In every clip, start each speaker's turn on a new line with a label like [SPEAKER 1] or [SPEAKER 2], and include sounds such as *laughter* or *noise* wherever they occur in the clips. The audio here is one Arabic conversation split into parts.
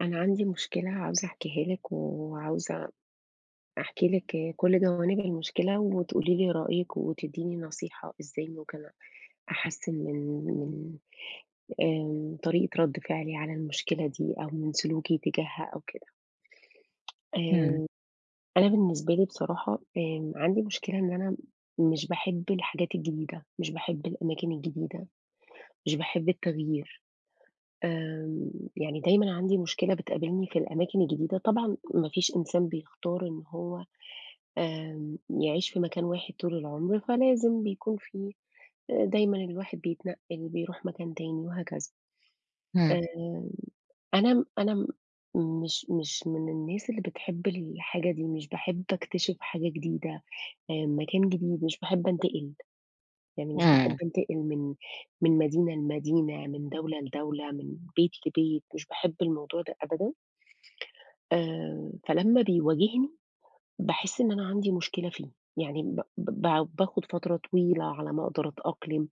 [SPEAKER 1] أنا عندي مشكلة عاوزة أحكيها لِك، وعاوزة أحكي لِك كُلّ جوانب المشكلة، وتقولي لي رأيِك، وتدّيني نصيحة إزّاي ممكن أحسِّن من من ال آمم، طريقة ردّ فِعلي على المشكلة دي أو من سلوكي تجاهها أو كده *tsk*
[SPEAKER 2] امم.
[SPEAKER 1] آمم، أنا بالنسبة لي بصراحة آمم، عندي مشكلة إن أنا مش باحب الحاجات الجديدة، مش باحب الأماكن الجديدة، مش باحب التغيير. آمم، يعني دايمًا عندي مشكلة بتقابلني في الأماكن الجديدة، طبعًا ما فيش إنسان بيختار إن هو آمم، يعيش في مكان واحد طول العمر، فلازم بيكون في دايمًا الواحد بيتنقِّل، بيروح مكان تاني وهكذا.
[SPEAKER 2] امم.
[SPEAKER 1] آمم، أنا م أنا م مش مش من الناس اللي بتحب الحاجة دي، مش باحب أكتشف حاجة جديدة آآ، مكان جديد، مش باحب أنتقل. يعني مش باحب
[SPEAKER 2] امم.
[SPEAKER 1] أنتقل من من مدينة لمدينة، من دولة لدولة، من بيت لبيت، مش باحب الموضوع ده أبدًا آآ فلمّا بيواجهني، باحس إن أنا عندي مشكلة فيه، يعني ب ب ب باخد فترة طويلة على ما أقدر أتأقلم،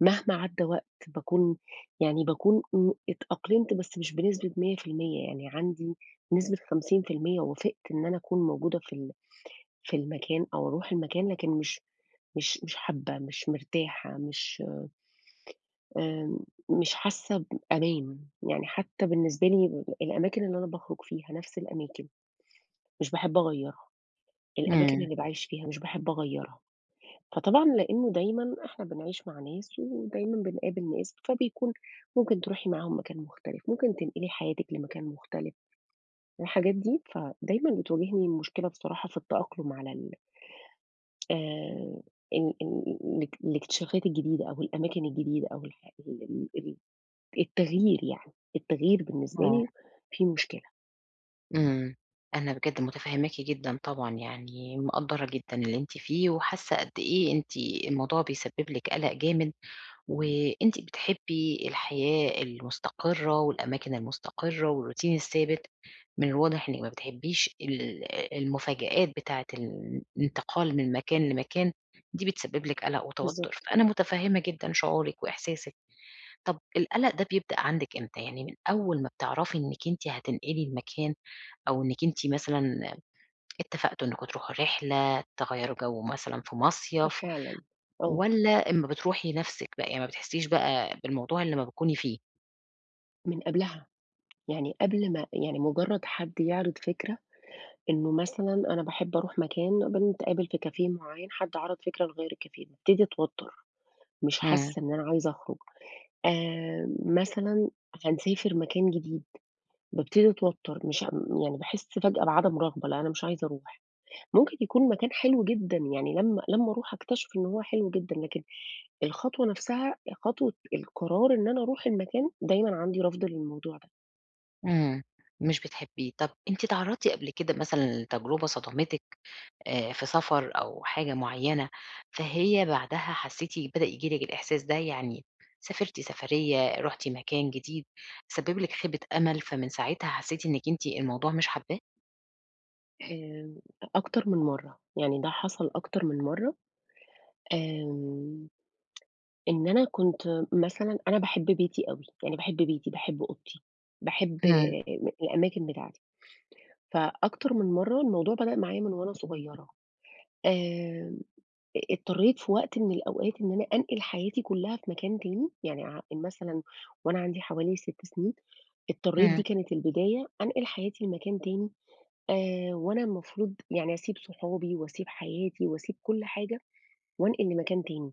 [SPEAKER 1] مهما عدّى وقت باكون يعني باكون امم، اتأقلمت بس مش بنسبة 100% يعني عندي نسبة 50% وافقت إن أنا أكون موجودة في ال في المكان أو أرُوح المكان لكن مش مش مش حابة، مش مرتاحة، مش آمم، مش حاسة بأمان، يعني حتى بالنسبة لي الأماكن اللي أنا باخرُج فيها نَفس الأماكن، مش باحب أغيرها. الأماكن
[SPEAKER 2] امم.
[SPEAKER 1] اللي باعيش فيها مش باحب أغَيَّرها. فطبعًا لإنه دايمًا إحنا بنعيش مع ناس ودايمًا بنقابل ناس، فبيكون ممكن تِرُوحي معاهم مكان مختلف، ممكن تنقلي حياتِك لمكان مختلف، الحاجات دي فدايمًا بتواجهني مشكلة بصراحة في التأقلم على ال آآ، ال ال الاك الاكتِشافات الجديدة، أو الأماكن الجديدة أو ال ال ال التَغيير يعني. التَغيير بالنسبة
[SPEAKER 2] آه.
[SPEAKER 1] لي فيه مشكلة.
[SPEAKER 2] إمم، أنا بجَد متفهماكِ جدًا طبعًا يعني، مِقَدّرة جدًا اللي أنتِ فيه، وحاسة قد إيه أنتِ الموضوع بيسبب لِك قلق جامد، و أنتِ بتحبي الحياة المستقرة، والأماكن المستقرة والروتين الثابت. من الواضح إنِك ما بتحبيش ال المفاجآت بتاعة ال الانتقال من مكان لمكان، دي بتسبب لك قلق وتوتر.
[SPEAKER 1] بالضبط.
[SPEAKER 2] فأنا متفهمة جدًا شعورِك وإحساسِك. طَب القلق ده بيبدأ عندِك إمتى؟ يعني من أول ما بتعرفي إنِك أنتِ هتنقلي المكان أو إنِك أنتِ مثلًا اتفقتوا إنكم تروحوا رحلة، تغيّروا جو مثلًا في مصيف،
[SPEAKER 1] فعلًا، أه.
[SPEAKER 2] والّا أما بتروحي نَفْسِك بَقى يعني ما بتحسيش بَقى بالموضوع إلا أما بتكوني فيه؟
[SPEAKER 1] من قبلها. *tsk* يعني قبل ما يعني مجرد حد يعرض فكرة إنه مثلًا أنا باحب أروح مكان، بنتقابل في cafe معين، حد عَرَض فكرة نغيّر الcafe، بابتدي أتوتر، مش
[SPEAKER 2] إمم.
[SPEAKER 1] حاسة إن أنا عايزة أخرج، آآ مثلًا هنسافر مكان جديد، بابتدي أتوتر، مش أم يعني باحس فجأة بعدم رغبة، لا أنا مش عايزة أروح. ممكن يكون مكان حلو جدًا، يعني لمّا لمّا أروح أكتشف إن هو حلو جدًا، لكن الخطوة نَفْسها، خطوة القرار إن أنا أروح المكان دايمًا عندي رفض للموضوع ده.
[SPEAKER 2] إمم، مش بتحبيه. طَب أنتِ اتعرضتِ قبل كده مثلًا لتجربة صدمتِك آآ في سفر أو حاجة معينة، فهي بعدها حسيتِ بدأ ييجي لِك الإحساس ده؟ يعني سافرتِ سفرية، رُحتِ مكان جديد، سبِب لِك خيبة أمل، فمن ساعتها حسيتِ إنِك أنتِ الموضوع مش حاباه؟
[SPEAKER 1] آآ أكتر من مرّة، يعني ده حصَل أكتر من مرّة. آمم *tsk* إن أنا كنت مثلًا أنا باحب بيتي أوي يعني باحب بيتي، باحب أوضتي، باحب
[SPEAKER 2] همم.
[SPEAKER 1] الأماكن بتاعتي. فأكتر من مرّة الموضوع بدأ معايا من وأنا صغيرة. آمم آآ اضطريت في وقت من الأوقات إن أنا أنقل حياتي كُلّها في مكان تاني، يعني ع مثلًا وأنا عندي حوالي 6 سنين، اضطريت
[SPEAKER 2] همم.
[SPEAKER 1] دي كانت البداية أنقل حياتي لمكان تاني، آآ وأنا المفروض يعني أسيب صحابي وأسيب حياتي وأسيب كُلّ حاجة، وأنقل لمكان تاني.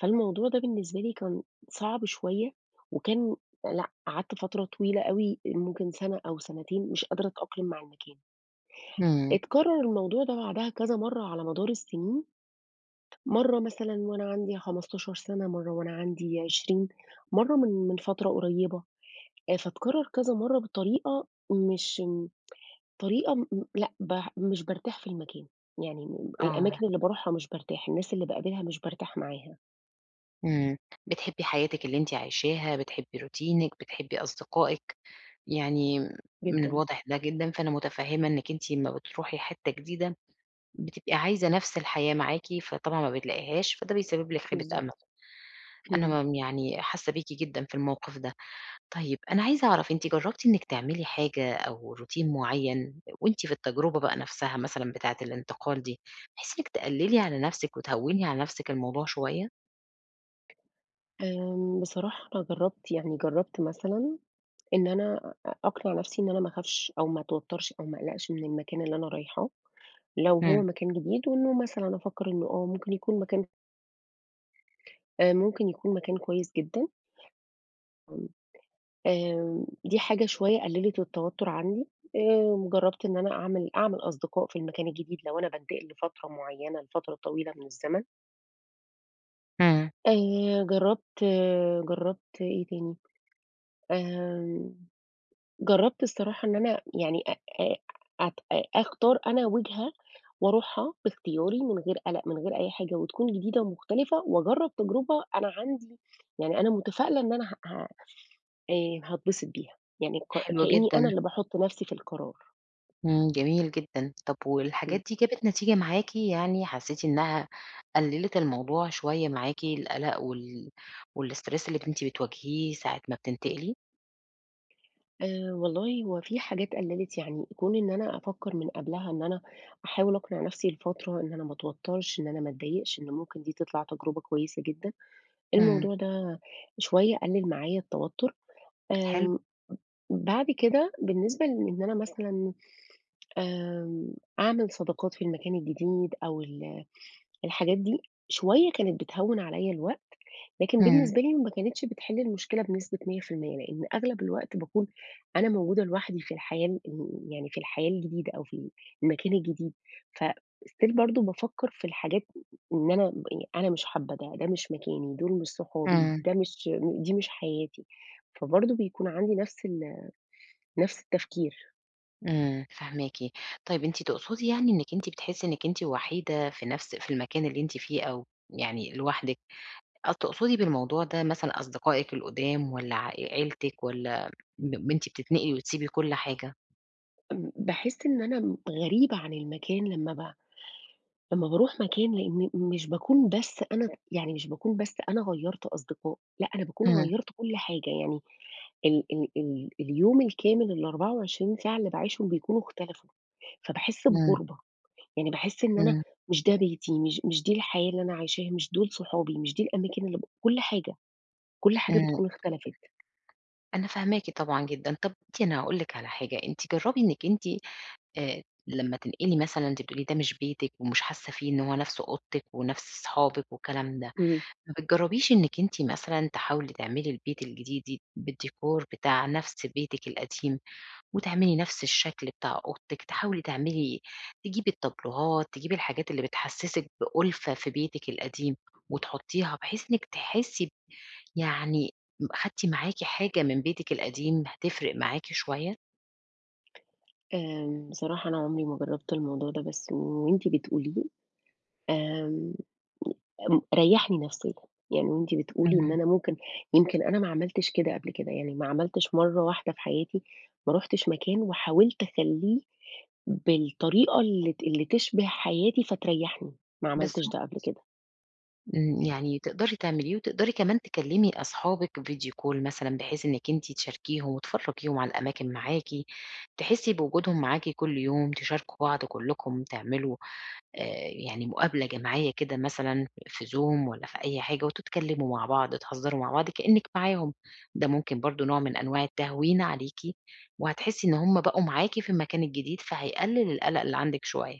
[SPEAKER 1] فالموضوع ده بالنسبة لي كان صعب شوية، وكان لأ قعدت فترة طويلة أوي، ممكن سَنة أو سنتين مش قادرة أتأقلم مع المكان.
[SPEAKER 2] إمم.
[SPEAKER 1] اتكرر الموضوع ده بعدها كذا مرّة على مدار السنين. مرّة مثلًا وأنا عندي 15 سَنة، مرّة وأنا عندي 20 مرّة من من فترة قريبة. آآ فاتكرر كذا مرّة بطريقة مش م طريقة م لأ ب مش بارتاح في المكان. يعني
[SPEAKER 2] آه.
[SPEAKER 1] الأماكن اللي بارُوحها مش بارتاح، الناس اللي باقابلها مش بارتاح معاها.
[SPEAKER 2] إمم، بتحبّي حياتِك اللي أنتِ عايشاها، بتحبّي روتينِك، بتحبّي أصدقائِك. يعني من
[SPEAKER 1] جدًا.
[SPEAKER 2] الواضح ده جدًا، فأنا متفهّمة إنِك أنتِ أمّا بتروحي حِتّة جديدة بتبقي عايزة نَفْس الحياة معاكِ، فطبعًا ما بتلاقيهاش، فده بيسبّب لِك خيبة أمل.
[SPEAKER 1] بالضبط. اهم.
[SPEAKER 2] أنا م يعني حاسّة بيكِ جدًا في الموقِف ده. طيب، أنا عايزة أعرَف، أنتِ جرّبتِ إنِك تعملي حاجة أو روتين معيّن، وأنتِ في التجربة بقى نَفْسها مثلًا بتاعة الانتقال دي، بحيث إنِك تقلّلي على نَفْسِك وتهوِّني على نَفْسِك الموضوع شوية؟
[SPEAKER 1] آمم، بصراحة أنا جرّبت، يعني جرّبت مثلًا إن أنا أ أقنع نَفْسي إن أنا ما أخافش أو ما أتوتّرش أو ما أقلَقش من المكان اللي أنا رايحاه لو
[SPEAKER 2] إمم.
[SPEAKER 1] هو مكان جديد، وإنه مثلًا أفكّر إنّه آه، ممكن يكون مكان آآ ممكن يكون مكان كويس جدًا. *unintelligible* آمم، دي حاجة شوية قلّلت التوتُّر عندي آآ وجرّبت إن أنا أعمل أعمل أصدقاء في المكان الجديد لو أنا بانتقل لفترة معيّنة لفترة طويلة من الزمن.
[SPEAKER 2] إمم.
[SPEAKER 1] آآ جرّبت، جرّبت إيه تاني؟ آمم، جرّبت الصراحة إن أنا يعني أ أ أت أ أختار أنا وِجهة وأرُوحها باختياري من غير قلَق، من غير أي حاجة، وتكُون جديدة ومختلِفة، وأجرّب تجربة أنا عندي يعني أنا متفائلة إن أنا ه ه آآ هاتبسط بيها. يعني ك
[SPEAKER 2] حلو
[SPEAKER 1] كأني أنا
[SPEAKER 2] جدًا.
[SPEAKER 1] اللي باحُط نَفْسي في القرار.
[SPEAKER 2] إمم، جميل جدًا. طَب
[SPEAKER 1] إمم.
[SPEAKER 2] والحاجات دي جابت نتيجة معاكِ يعني؟ حسّيتِ إنها قلّلت الموضوع شوية معاكِ، القلق وال والstress اللي أنتِ بتواجهيه ساعة ما بتنتقلي؟
[SPEAKER 1] آآ والله هو في حاجات قَلِّلِت يعني، كون إن أنا أفكَّر من قبلها إن أنا أحاول أقنع نَفْسي لفترة إن أنا ما أتوترش، إن أنا ما أتضايقش، إن ممكن دي تِطْلِع تجربة كويسة جدًا.
[SPEAKER 2] إمم.
[SPEAKER 1] الموضوع ده شوية قلل معايا التوتر.
[SPEAKER 2] حلو.
[SPEAKER 1] آمم بعد كده بالنسبة لإن أنا مثلًا، آمم أعمل صداقات في المكان الجديد أو ال آآ الحاجات دي شوية كانت بتهوِّن عليِّ الوقت، لكن
[SPEAKER 2] إمم.
[SPEAKER 1] بالنسبة لي ما كانتش بتحل المشكلة بنسبة 100%، لأن أغلب الوقت باكون أنا موجودة لوحدي في الحياة ال يعني في الحياة الجديدة أو في ال المكان الجديد. فstill برضه بافكّر في الحاجات إن أنا أنا مش حابة ده، ده مش مكاني، دول مش صحابي،
[SPEAKER 2] إمم.
[SPEAKER 1] ده مش دي مش حياتي. فبرضه بيكون عندي نَفْس ال نَفْس التفكير.
[SPEAKER 2] إمم، فاهماكِ. طيب أنتِ تقصدي يعني إنِك أنتِ بتحسي إنِك أنتِ وحيدة في نَفْس في المكان اللي أنتِ فيه أو يعني لوحدِك، آه تقصدي بالموضوع ده مثلًا أصدقائِك القُدام والّا ع عيلتك والّا ب أنتِ بتنتقلي وتسيبي كل حاجة؟
[SPEAKER 1] إمم باحس إن أنا غريبة عن المكان لما ب لما باروح مكان، لأن مش باكون بس أنا يعني مش باكون بس أنا غيّرت أصدقاء، لأ، أنا باكون
[SPEAKER 2] إمم.
[SPEAKER 1] غيّرت كل حاجة، يعني ال-ال ال اليوم الكامل ال24 ساعة اللي باعيشهم بيكونوا اختلفوا، فباحس
[SPEAKER 2] إمم.
[SPEAKER 1] بغربة، يعني باحس إن أنا
[SPEAKER 2] إمم.
[SPEAKER 1] مش ده بيتي مش مش دي الحياة اللي أنا عايشاها، مش دول صحابي، مش دي الأماكن اللي ب كل حاجة، كل حاجة
[SPEAKER 2] إمم.
[SPEAKER 1] بتكون اختلفِت.
[SPEAKER 2] أنا فاهماكِ طبعًا جدًا. طَب *unintelligible* أنا هاقول لِك على حاجة، أنتِ جرّبي إنِك أنتِ آآ لما تنتقلي مثلًا أنتِ بتقولي ده مش بيتِك ومش حاسة فيه إن هو نَفْس أوضتِك ونَفْس صحابِك والكلام ده،
[SPEAKER 1] إمم.
[SPEAKER 2] ما بتجربيش إنِك أنتِ مثلًا تحاولي تعملي البيت الجديد دي بالdecor بتاع نَفْس بيتِك القديم، وتعملي نَفْس الشكل بتاع أوضتِك، تحاولي تعملي تجيبي التابلوهات، تجيبي الحاجات اللي بتحسسِك بألفة في بيتِك القديم، وتحطيها بحيث إنِك تحسي ب يعني م خَدتِ معاكِ حاجة من بيتِك القديم هتفرق معاكِ شوية؟
[SPEAKER 1] آآ بصراحة أنا عمري ما جربت الموضوع ده، بس وأنتِ بتقوليه آآ م ريحني نفسيًا، يعني وأنتِ بتقولي إن
[SPEAKER 2] امم.
[SPEAKER 1] أنا ممكن يمكن أنا ما عملتش كده قبل كده، يعني ما عملتش مرّة واحدة في حياتي، ما رُحتش مكان وحاولت أخليه بالطريقة اللي ت اللي تشبه حياتي فتريحني، ما عملتش
[SPEAKER 2] بالضبط.
[SPEAKER 1] ده قبل كده.
[SPEAKER 2] امم. يعني تقدري تعمليه، وتقدري كمان تكلمي أصحابِك video call مثلًا، بحيث إنكِ أنتِ تشاركيهم وتفرجيهم على الأماكن معاكِ، تحسي بوجودهم معاكِ كل يوم، تشاركوا بعض كلكم تعملوا، آآ، يعني مقابلة جماعية كده مثلًا في Zoom والَّا في أي حاجة، وتتكلموا مع بعض، تهزروا مع بعض كأنِك معاهم. ده ممكن برضو نوع من أنواع التهوين عليكِ، وهتحسي إن همُ بقوا معاكِ في المكان الجديد فهيقلل القلق اللي عندِك شوية.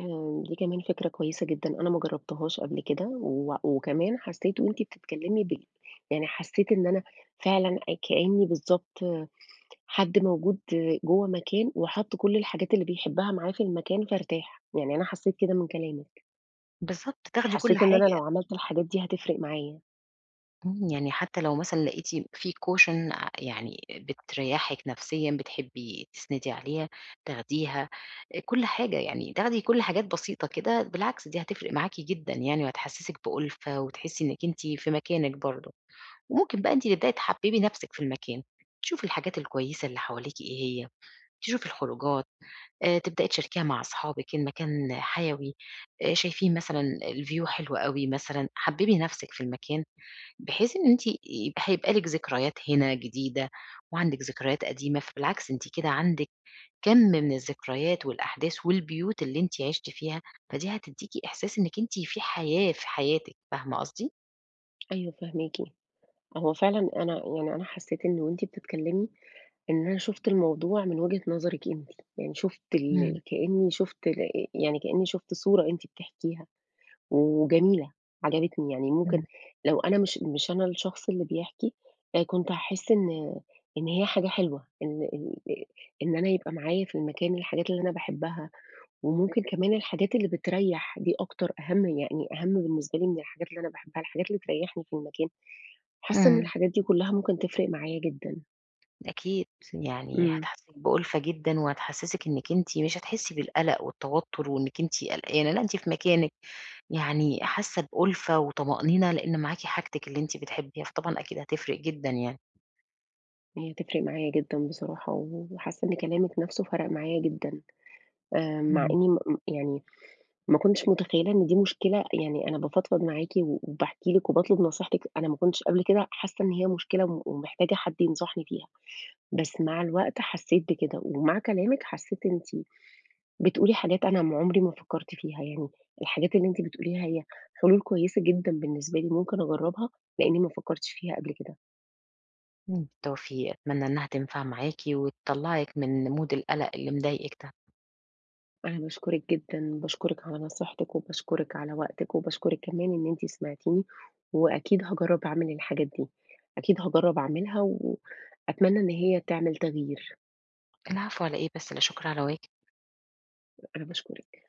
[SPEAKER 1] آآ دي كمان فكرة كويسة جدًا أنا ما جربتهاش قبل كده، و وكمان حسيت وأنتِ بتتكلمي بال يعني حسيت إن أنا فعلًا كأني بالضبط حد موجود جوّه مكان وحَط كل الحاجات اللي بيحبها معاه في المكان فارتاح، يعني أنا حسيت كده من كلامِك.
[SPEAKER 2] بالضبط، تاخدي كل
[SPEAKER 1] حسيت إن أنا
[SPEAKER 2] حاجة.
[SPEAKER 1] لو عملت الحاجات دي هتفرِق معايا.
[SPEAKER 2] إمم. يعني حتى لو مثلًا لقيتِ في cousin ع يعني بتريّحِك نفسيًا، بتحبي تسندي عليها، تاخديها، آآ كل حاجة يعني، تاخدي كل حاجات بسيطة كده، بالعكس دي هتفرِق معاكِ جدًا يعني وهتحسسِك بأُلفة، وتحسّي إنِّك أنتِ في مكانِك برضو. وممكن بقى أنتِ تبدئي تحببي نفْسِك في المكان، تشوفي الحاجات الكويسة اللي حواليكِ إيه هي، تشوفي الخروجات آآ تبدئي تشاركيها مع أصحابِك إن مكان حيوي، آآ شايفين مثلًا الview حلو أوي مثلًا، حببي نفْسِك في المكان بحيث إن أنتِ آآ هيبقى لِك ذكريات هنا جديدة، وعندِك ذكريات قديمة. فبالعكس أنتِ كده عندِك كمْ من الذكريات والأحداث والبيوت اللي أنتِ عِشتِ فيها، فدي هتديكِ إحساس إنِّك أنتِ في حياة في حياتِك، فاهمة قصدي؟
[SPEAKER 1] أيوه، فاهماكِ. هو فعلًا أنا يعني أنا حسيت إن وأنتِ بتتكلمي، إن أنا شُفت الموضوع من وجهة نظرِك أنتِ، يعني شُفت
[SPEAKER 2] إمم.
[SPEAKER 1] ال كأني شُفت ال ي يعني كأني شُفت صورة أنتِ بتحكيها، وجميلة، عجبتني يعني، ممكن
[SPEAKER 2] إمم.
[SPEAKER 1] لو أنا مش مش أنا الشخص اللي بيحكي، أ كنت هاحس إن إن هي حاجة حلوة، ال ال آآ إن أنا يبقى معايا في المكان الحاجات اللي أنا باحبها، وممكن كمان الحاجات اللي بتريّح، دي أكتر، أهَم يعني أهَم بالنسبة لي من الحاجات اللي أنا باحبها، الحاجات اللي تريّحني في المكان. حاسّة إن
[SPEAKER 2] إمم.
[SPEAKER 1] الحاجات دي كلها ممكن تفرِق معايا جدًا.
[SPEAKER 2] أكيد، يعني
[SPEAKER 1] أمم.
[SPEAKER 2] هتحسّسِك بأُلفة جدًا وهتحسّسِك إنِك أنتِ، مش هتحسّي بالقلق والتوتُّر وإنِك أنتِ قلقانة، لأ أنتِ في مكانِك يعني حاسّة بأُلفة وطمأنينة، لإن معاكِ حاجتِك اللي أنتِ بتحبّيها، فطبعًا أكيد هتفرِق جدًا يعني.
[SPEAKER 1] هي هتفرِق معايا جدًا بصراحة و وحاسّة إن كلامِك نَفْسه فرَق معايا جدًا، آآ مع
[SPEAKER 2] إمم.
[SPEAKER 1] إني م م يعني ما كنتش متخيّلة إن دي مشكلة، يعني أنا بافضفض معاكِ و وباحكي لِك وباطلب نصيحتِك، أنا ما كنتش قبل كده حاسّة إن هي مشكلة وم ومحتاجة حد ينصحني فيها، بس مع الوقت حسّيت بكده ومع كلامِك حسّيت أنتِ بتقولي حاجات أنا ما عُمري ما فكّرت فيها يعني، الحاجات اللي أنتِ بتقوليها هي حلول كويسة جدًا بالنسبة لي ممكن أجرّبها لإني ما فكّرتش فيها قبل كده.
[SPEAKER 2] إمم، بالتوفيق، أتمنّى إنها تنفع معاكِ وتطلّعِك من mood القلق اللي مضايقِك ده.
[SPEAKER 1] أنا باشكرِك جدًا، باشكرِك على نصيحتِك وباشكرِك على وقتِك وباشكرِك كمان إن أنتِ سمِعتيني وأكيد هاجرّب أعمل الحاجات دي، أكيد هاجرّب أعملها وأتمنّى إن هي تعمل تغيير.
[SPEAKER 2] العفو على إيه بس، لا شُكر على واجب.
[SPEAKER 1] أنا باشكرِك.